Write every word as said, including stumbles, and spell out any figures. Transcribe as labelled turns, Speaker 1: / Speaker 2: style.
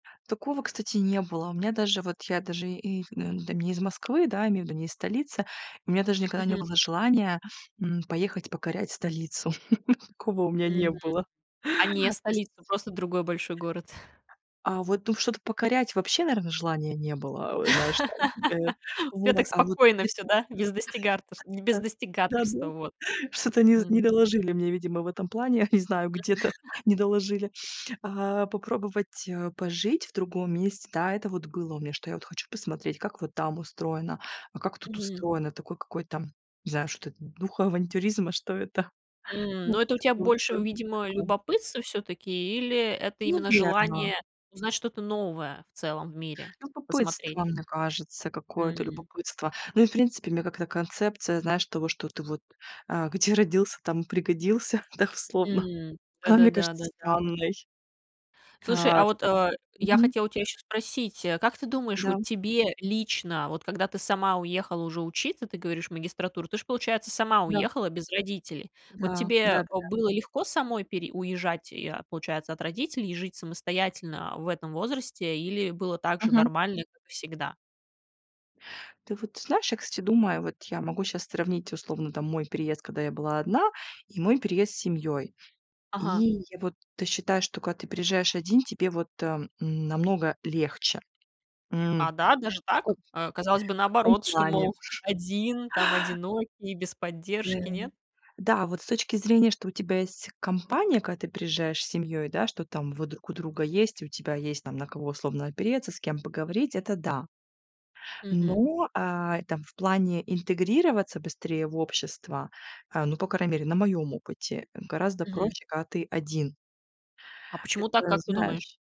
Speaker 1: Такого, кстати, не было. У меня даже, вот, я даже и в не там, не из Москвы, да, имею в виду, не из столицы, и у меня даже никогда не
Speaker 2: Мгм.
Speaker 1: было желания, м, поехать покорять столицу. Такого у меня не
Speaker 2: Мгм.
Speaker 1: было.
Speaker 2: А не
Speaker 1: То есть
Speaker 2: столицу, просто другой большой город?
Speaker 1: А вот, ну, что-то покорять вообще, наверное, желания не было. Э, знаешь, там, э.
Speaker 2: У тебя
Speaker 1: Вот.
Speaker 2: так
Speaker 1: А вот
Speaker 2: спокойно всё,
Speaker 1: где-то
Speaker 2: да, без достигарторшт без
Speaker 1: Та. Да-да.
Speaker 2: достигаторства, вот.
Speaker 1: Что-то не з не
Speaker 2: М.
Speaker 1: доложили мне, видимо, в этом плане, я не знаю, где-то не доложили. А, попробовать, э, пожить в другом месте, да, это вот было у меня, что я вот хочу посмотреть, как вот там устроено, а как тут
Speaker 2: Мгм.
Speaker 1: устроено. Такой какой-то, не знаю, что это, духа авантюризма, что это.
Speaker 2: М. Но это у
Speaker 1: [unintelligible]
Speaker 2: тя
Speaker 1: Он
Speaker 2: больше, видимо,
Speaker 1: такой.
Speaker 2: любопытство всё-таки, или это именно
Speaker 1: Наверно.
Speaker 2: желание узнать что-то новое в целом в мире,
Speaker 1: Любопытство,
Speaker 2: посмотреть?
Speaker 1: мне кажется, какое-то
Speaker 2: М.
Speaker 1: любопытство. Ну и, в принципе, мне как-то концепция, знаешь, того, что ты вот, а, "где родился, там пригодился" дословно.
Speaker 2: М,
Speaker 1: Она мне
Speaker 2: да-да-да,
Speaker 1: кажется
Speaker 2: да-да-да.
Speaker 1: странной.
Speaker 2: Слушай,
Speaker 1: А
Speaker 2: а вот, э, я
Speaker 1: мгм.
Speaker 2: хотела у тя ещё спросить: а как ты думаешь,
Speaker 1: Да,
Speaker 2: вот
Speaker 1: м.
Speaker 2: тебе лично, вот когда ты сама уехала уже учиться, ты говоришь, в магистратуру, ты же, получается, сама
Speaker 1: Да.
Speaker 2: уехала без родителей? Вот
Speaker 1: Да,
Speaker 2: тебе, э,
Speaker 1: да-да-да.
Speaker 2: было легко самой пере уезжать и, а, получается, от родителей и жить самостоятельно в этом возрасте или было так же
Speaker 1: Мгм.
Speaker 2: нормально, как и всегда?
Speaker 1: Ты вот знаешь, я, кстати, думаю, вот я могу щас сравнить условно там мой переезд, когда я была одна, и мой переезд с семьёй. И
Speaker 2: Ага.
Speaker 1: я вот ты считаешь, что когда ты приезжаешь один, тебе вот, а, м, намного легче?
Speaker 2: А,
Speaker 1: М.
Speaker 2: да, даже
Speaker 1: Ко
Speaker 2: так?
Speaker 1: В
Speaker 2: А, казалось бы,
Speaker 1: каком
Speaker 2: наоборот, что,
Speaker 1: плане?
Speaker 2: мол, один там одинокий без
Speaker 1: Да.
Speaker 2: поддержки, нет?
Speaker 1: Да, вот с точки зрения, что у тебя есть компания, когда ты приезжаешь с семьёй, да, что там вы друг у друга есть. И у тебя есть там на кого условно опереться, с кем поговорить, это да.
Speaker 2: Мгм.
Speaker 1: Но, а, и там в плане интегрироваться быстрее в общество, а, ну, по крайней мере, на моем опыте, э, гораздо
Speaker 2: Мгм.
Speaker 1: проще, когда ты один.
Speaker 2: А почему так?
Speaker 1: Это,
Speaker 2: Как ты думаешь?
Speaker 1: знаешь